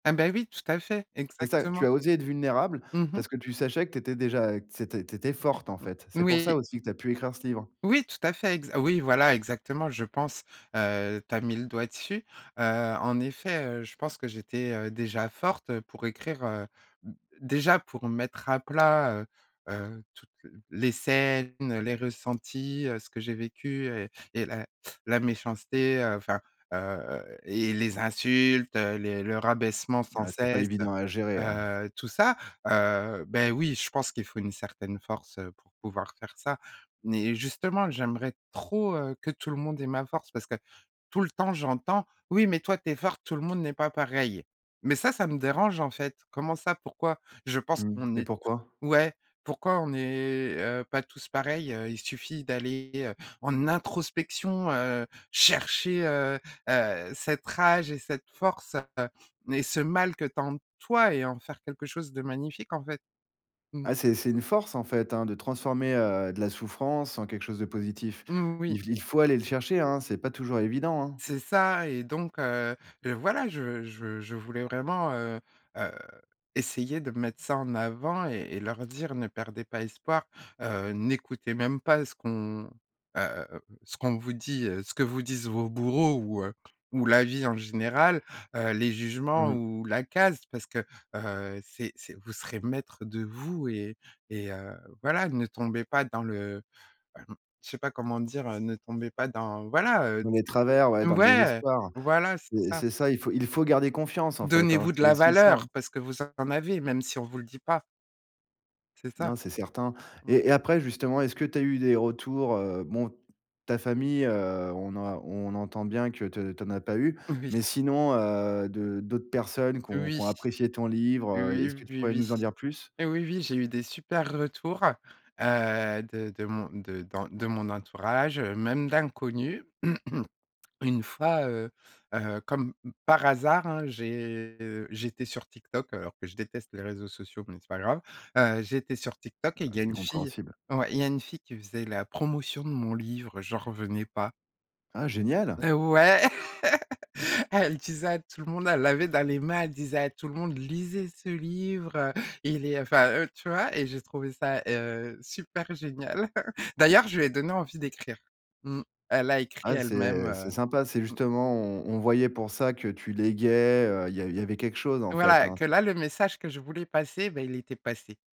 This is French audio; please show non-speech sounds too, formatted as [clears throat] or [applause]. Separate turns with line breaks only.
Ah bah, oui, tout à fait,
C'est ça, tu
exactement.
as osé être vulnérable,
Mmh mh.
parce que tu sachais que tu étais déjà, heu, que c'était tu étais forte, en
Mmh.
fait. C'est pour ça
Oui.
aussi que tu as pu écrire ce livre.
Oui, tout à fait, exa oui voilà exactement je pense, heu, tu as mis le doigt dessus. Heu, en effet, heu, je pense que j'étais, heu, déjà forte, heu, pour écrire, heu, d déjà pour mettre à plat, heu, heu, toutes les scènes, les ressentis, heu, ce que j'ai vécu et et la la méchanceté, heu, enfin, heu et les insultes, heu, les le rabaissement sans
Bah, c'est pas
cesse,
évident à gérer,
heu,
hein.
heu, tout ça. Heu, beh oui, je pense qu'il faut une certaine force, heu, pour pouvoir faire ça. Mais justement, j'aimerais trop, heu, que tout le monde ait ma force parce que tout le temps j'entends: «Oui mais toi tu es forte, tout le monde n'est pas pareil». Mais ça, ça me dérange, en fait. Comment ça? Pourquoi? Je pense
Mmh.
qu'on
Et
est
pourquoi?
to ouais! Pourquoi on n'est, heu, pas tous pareils? Heu, il suffit d'aller, heu, en introspection, heu, chercher, heu, heu, cette rage et cette force et ce mal que tu as en toi et en faire quelque chose de magnifique, en fait. Mmh.
Ah, c'est c'est une force, en fait, hein, de transformer, heu, de la souffrance en quelque chose de positif.
Mmh, oui.
Il il faut aller le chercher, hein, c'est pas toujours évident, hein.
C'est ça et donc, heu, heu, voilà, je je je voulais vraiment, heu, heu, essayer de mettre ça en avant et et leur dire: «Ne perdez pas espoir, heu, n'écoutez même pas ce qu'on, heu, ce qu'on vous dit, heu, ce que vous disent vos bourreaux ou, heu, ou la vie en général, heu, les jugements
Mmh.
ou la case, parce que, heu, c'est c'est vous serez maître de vous et et heu, voilà, ne tombez pas dans le», [clears throat] je sais pas comment le dire? «Heu, ne tombez pas dans» voilà, heu,
Dans les travers, ouais,
c
dans le
ouais!
désespoir.
Voilà, c'est
Mais
ça.
c'est ça, il faut il faut garder confiance, en fait, hein,
Donnez-vous de
c'est
la
aussi ça, hein.
valeur parce que vous en avez, même si on vous le dit pas. C'est ça.
Non, c'est certain.
Mmh.
Et et après justement, est-ce que tu as eu des retours, heu? Bon, ta famille, heu, on a on entend bien que tu tu en as pas eu,
Oui.
mais sinon, heu, de d'autres personnes qui ont qui
Oui!
ont apprécié ton
Oui,
livre. Est-ce que
oui,
pourrais
oui.
nous en dire plus?
Oui, oui, j'ai eu des super retours, heu, de de mon de dans de mon entourage, heu, même d'inconnus. [clears throat] Une fois, heu, heu, comme par hasard, hein, j'ai j'étais sur TikTok, alors que je déteste les réseaux sociaux, mais c'est pas grave. Heu, j'étais sur TikTok
Ah
et il y a
c'est
une fille
compréhensible.
ouais, il y a une fille qui faisait la promotion de mon livre, j'en revenais pas.
Ah génial!
Eh ouais! [laughs] Elle disait à tout le monde elle l'avait dans les mains, elle disait à tout le monde: «Lisez ce livre, heu, il est, heu», enfin, heu, tu vois? Et j'ai trouvé ça, heu, super génial. [chuckles] D'ailleurs je lui ai donné envie d'écrire. Mmh. Elle a écrit
Ah
elle-même,
c'est c'est
heu.
sympa, c'est
Mmh.
justement, on on voyait pour ça que tu léguais, heu, il y il y avait quelque chose, en fait,
Voilà,
hein.
que là le message que je voulais passer, bah il était passé.